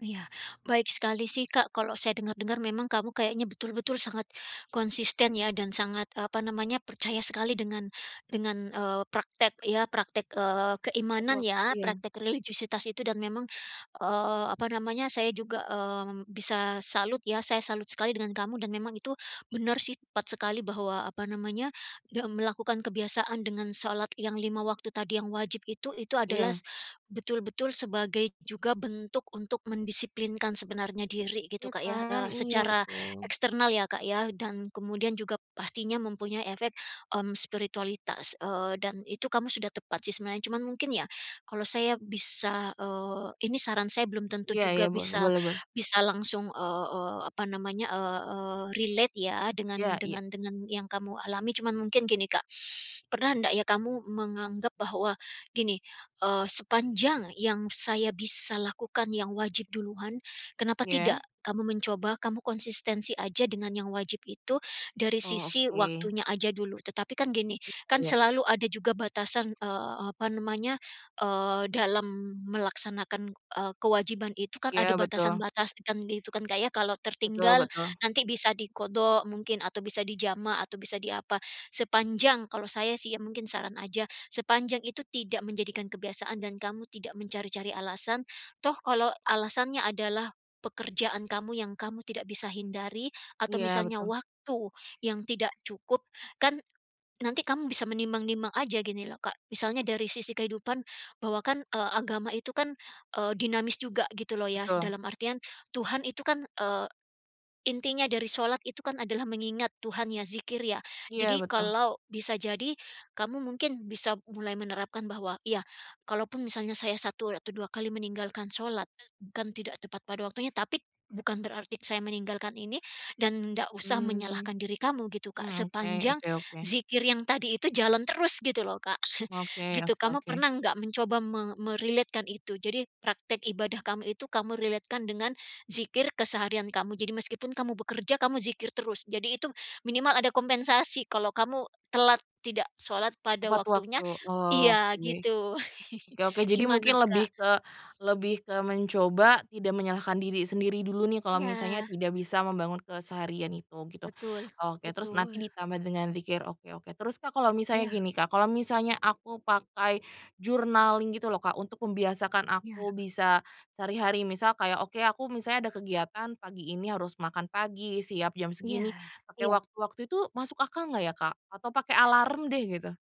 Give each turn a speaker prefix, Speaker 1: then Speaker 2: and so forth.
Speaker 1: Iya baik sekali sih Kak kalau saya dengar-dengar memang kamu kayaknya betul-betul sangat, konsisten ya dan sangat, eee, apa namanya percaya sekali dengan dengan, eee, praktek ya praktek, eee, keimanan
Speaker 2: Repot
Speaker 1: ya
Speaker 2: iya.
Speaker 1: praktek religiusitas itu dan memang, eee, apa namanya saya juga, mmm, bisa salut ya saya salut sekali dengan kamu dan memang itu benar sih tepat sekali bahwa apa namanya dem melakukan kebiasaan dengan shalat yang 5 waktu tadi yang wajib itu itu adalah
Speaker 2: Iya.
Speaker 1: betul-betul sebagai juga bentuk untuk mendisiplinkan sebenarnya diri gitu
Speaker 2: Iya
Speaker 1: Kak ya,
Speaker 2: kan?
Speaker 1: eee,
Speaker 2: Iya
Speaker 1: secara
Speaker 2: betul.
Speaker 1: eksternal ya Kak ya dan kemudian juga pastinya mempunyai efek, mmm, spiritualitas, eee, dan itu kamu sudah tepat sih sebenarnya cuman mungkin ya, kalau saya bisa, eee, ini saran saya belum tentu
Speaker 2: Iya iya
Speaker 1: juga
Speaker 2: boleh
Speaker 1: bisa
Speaker 2: boleh boleh.
Speaker 1: bisa langsung, eee eee, apa namanya, eee, relate ya dengan
Speaker 2: Iya iya.
Speaker 1: dengan dengan yang kamu alami cuman mungkin gini Kak, pernah ndak ya kamu menganggap bahwa gini, eee, sepanjang yang saya bisa lakukan yang wajib duluan, kenapa
Speaker 2: Ya?
Speaker 1: tidak kamu mencoba kamu konsistensi aja dengan yang wajib itu dari
Speaker 2: Oh
Speaker 1: sisi
Speaker 2: oke.
Speaker 1: waktunya aja dulu tetapi kan gini,
Speaker 2: [unintelligible]
Speaker 1: kan
Speaker 2: Kayak
Speaker 1: selalu ada juga batasan, eee, apa namanya, eee, dalam melaksanakan, eee, kewajiban itu kan
Speaker 2: Iya
Speaker 1: ada
Speaker 2: betul.
Speaker 1: batasan-batasan gitu kan Kak ya kalau
Speaker 2: Betul
Speaker 1: tertinggal
Speaker 2: betul.
Speaker 1: nanti bisa diqodho mungkin atau bisa dijamah atau bisa di apa, sepanjang kalau saya sih ya mungkin saran aja, sepanjang itu tidak menjadikan kebiasaan dan kamu tidak mencari-cari alasan, toh kalau alasannya adalah pekerjaan kamu yang kamu tidak bisa hindari atau
Speaker 2: Iya
Speaker 1: misalnya
Speaker 2: betul.
Speaker 1: waktu yang tidak cukup kan, nanti kamu bisa menimbang-nimbang aja gini loh Kak misalnya dari sisi kehidupan bahwa kan, eee, agama itu kan, eee, dinamis juga gitu loh ya
Speaker 2: Betul.
Speaker 1: dalam artian Tuhan itu kan, eee, intinya dari shalat itu kan adalah mengingat Tuhan ya dzikir ya
Speaker 2: Iya
Speaker 1: jadi
Speaker 2: betul.
Speaker 1: kalau bisa jadi kamu mungkin bisa mulai menerapkan bahwa iya, kalaupun misalnya saya 1 atau 2 kali meninggalkan shalat bukan tidak tepat pada waktunya tapi bukan berarti saya meninggalkan ini dan ndak usah
Speaker 2: Mmm,
Speaker 1: menyalahkan diri kamu gitu Kak
Speaker 2: mmm oke
Speaker 1: sepanjang,
Speaker 2: oke oke.
Speaker 1: dzikir yang tadi itu jalan terus gitu loh Kak
Speaker 2: Oke
Speaker 1: gitu
Speaker 2: oke
Speaker 1: kamu
Speaker 2: oke.
Speaker 1: pernah gak mencoba me me-relate-kan itu jadi praktek ibadah kamu itu kamu relate-kan dengan dzikir keseharian kamu jadi meskipun kamu bekerja kamu dzikir terus jadi itu minimal ada kompensasi kalau kamu telat, tidak shalat pada
Speaker 2: Tepat
Speaker 1: waktunya
Speaker 2: waktu oh
Speaker 1: iya
Speaker 2: oke,
Speaker 1: gitu
Speaker 2: oke oke jadi
Speaker 1: gimana,
Speaker 2: mungkin
Speaker 1: Kak?
Speaker 2: lebih ke lebih ke mencoba tidak menyalahkan diri sendiri dulu nih kalau misalnya
Speaker 1: Iya.
Speaker 2: tidak bisa membangun keseharian itu gitu.
Speaker 1: Betul
Speaker 2: Oke terus nanti
Speaker 1: betul.
Speaker 2: ditambah dengan dzikir oke oke terus Kak kalau misalnya
Speaker 1: Iya.
Speaker 2: gini Kak kalau misalnya aku pakai journaling gitu loh Kak untuk membiasakan
Speaker 1: Iya.
Speaker 2: aku bisa sehari-hari misal kayak oke aku misalnya ada kegiatan pagi ini harus makan pagi siap jam
Speaker 1: Iya
Speaker 2: segini, pake
Speaker 1: iya.
Speaker 2: waktu waktu itu masuk akal gak ya Kak? Atau pakai alarm deh gitu?